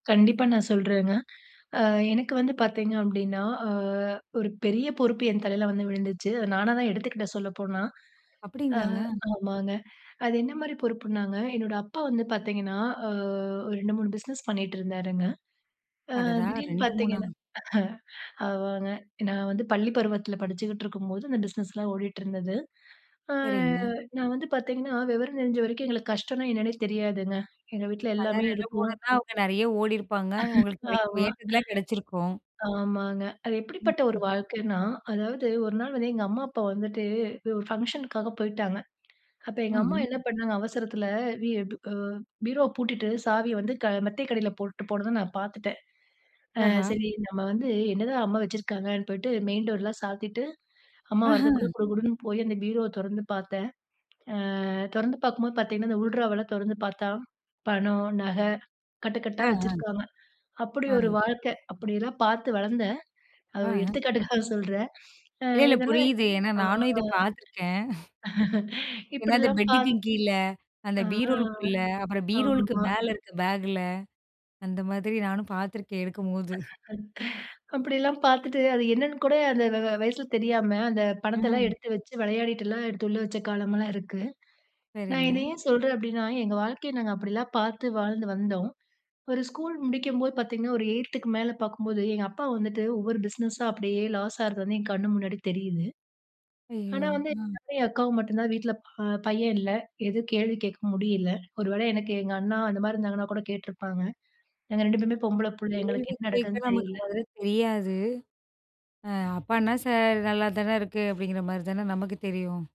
கண்டிப்பா நான் சொல்றேங்க. ஆ எனக்கு வந்து பார்த்தீங்க அப்படின்னா, ஆ ஒரு பெரிய பொறுப்பு என் தலையில வந்து விழுந்துச்சு. அத நானா தான் எடுத்துக்கிட்ட சொல்லப்போனா. அ. அப்படிங்களாங்க? ஆமாங்க. அது என்ன மாரி பொறுப்புனாங்க, என்னோட அப்பா வந்து பார்த்தீங்கன்னா அ ஒரு 2,3 பிஸ்னஸ் பண்ணிட்டுருந்தாருங்க. அ. அடடா! திடீர்னு 2,3 ஆ பார்த்திங்கன்னா ஆமாங்க. நான் வந்து பள்ளி பருவத்தில படிச்சுகிட்டுருக்கும்போது அந்த பிஸ்னஸ் லா ஓடிட்டிருந்தது. அ. சரிங்க. நான் வந்து பார்த்தீங்கன்னா விவரம் தெரிஞ்ச வரைக்கும் எங்களுக்கு கஷ்டம்னா என்னன்னா தெரியாதுங்க. எங்க வீட்ல அதான் எல்லாமே ரெண்டு, இருக்கும். மூனுணா அவங்க நிறைய ஓடியிருப்பாங்க, உங்களுக்கு கிடைக்கும், ஆமா. ஏத்ததலாம் கிடைச்சிருக்கும். ஆமாங்க. அது ம். எப்படிப்பட்ட ஒரு ம். வாழ்க்கைன்னா, அதாவது ஒரு நாள் வந்து எங்க அம்மா அப்பா வந்துட்டு ஒரு ஃபங்க்ஷனுக்காக போயிட்டாங்க. அப்போ எங்க அம்மா ம்ஹ்ம். என்ன பண்ணாங்க அவசரத்துல, வி அ பீரோவ பூட்டிட்டு சாவிய வந்து அ மெத்தைக்கு அடியில போட்டு போனது நான் பார்த்துட்டன். அ ஆஹா. "சரி நம்ம வந்து என்னதான் அம்மா வச்சிருக்காங்கன்னு" போயிட்டு மெயின் டோர்லாம் சாத்திட்டு அம்மா ஆஹா. வரதுக்குள்ள குடு குடுன்னு போய் அந்த பீரோவ தொறந்து பார்த்தன். ஆ. தொறந்து பார்க்கும்போது பார்த்தீங்கன்னா இந்த உள்ட்ராவுல தொறந்து பார்த்தா பணம், நகை அ. கட்டுக்கட்டா அ. வச்சிருக்காங்க. அப்படி அ. ஒரு வாழ்க்கை. அப்படியெல்லாம் பார்த்து வளர்ந்தேன். அ ஒரு ஆஹ. எடுத்துக்காட்டுக்காக சொல்றன். அ இல்ல, இல்ல இதெல்லாம். புரியுது. ஏன்னா, ஆ நானும் இத பார்த்துருக்கேன். ஏன்னா அந்த இப்படிலாம் பெட்டுக்கு பார்த் கீழே, அந்த அ. பீரோலுக்குள்ள அப்புறம் பீரோலுக்கு ஆமா. மேல இருக்க பேகுல. அந்த மாதிரி நானும் பார்த்துருக்கேன் எடுக்கும்போது. அப்படிலாம் பார்த்துட்டு அது என்னன்னு கூட அந்த வ வ வயசுல தெரியாம அந்த பணத்தலாம் ம். எடுத்து வச்சு விளையாடிட்டுலாம் எடுத்து உள்ள வச்ச காலம்லாம் இருக்கு. நான் இத சரிங்க. ஏன் சொல்றேன் அப்படின்னா, எங்க வாழ்க்கைய நாங்க அப்படிலாம் பார்த்து வாழ்ந்து வந்தோம். ஒரு ஸ்கூல் முடிக்கும்போது பார்த்தீங்கன்னா ஒரு 8 க்கு மேல பார்க்கும்போது எங்க அப்பா வந்துட்டு ஒவ்வொரு பிஸ்னஸா அப்படியே லாஸ் ஆறது வந்து என் கண்ணு முன்னாடி தெரியுது. ஆனா, ஐயய்யோ! வந்து அ. என் அக்காவ மட்டும் தான் வீட்ல ப பையன் இல்ல எதுவும் கேள்வி கேட்க முடியல. ஒரு வேள எனக்கு எங்க அண்ணா அந்த மாதிரி இருந்தாங்கன்னா கூட கேட்ருப்பாங்க. நாங்க 2 பேருமே பொம்பள [unintelligible] புள்ளை எங்களுக்கு கேள்வி என்ன கேட்க நடக்குதுன்னு நமக்கு தெரில. முதல்ல தெரியாது. ஆ அப்பான்னா சார் நல்லாதான இருக்கு அப்படிங்கிற மாதிரி தான நமக்கு தெரியும்.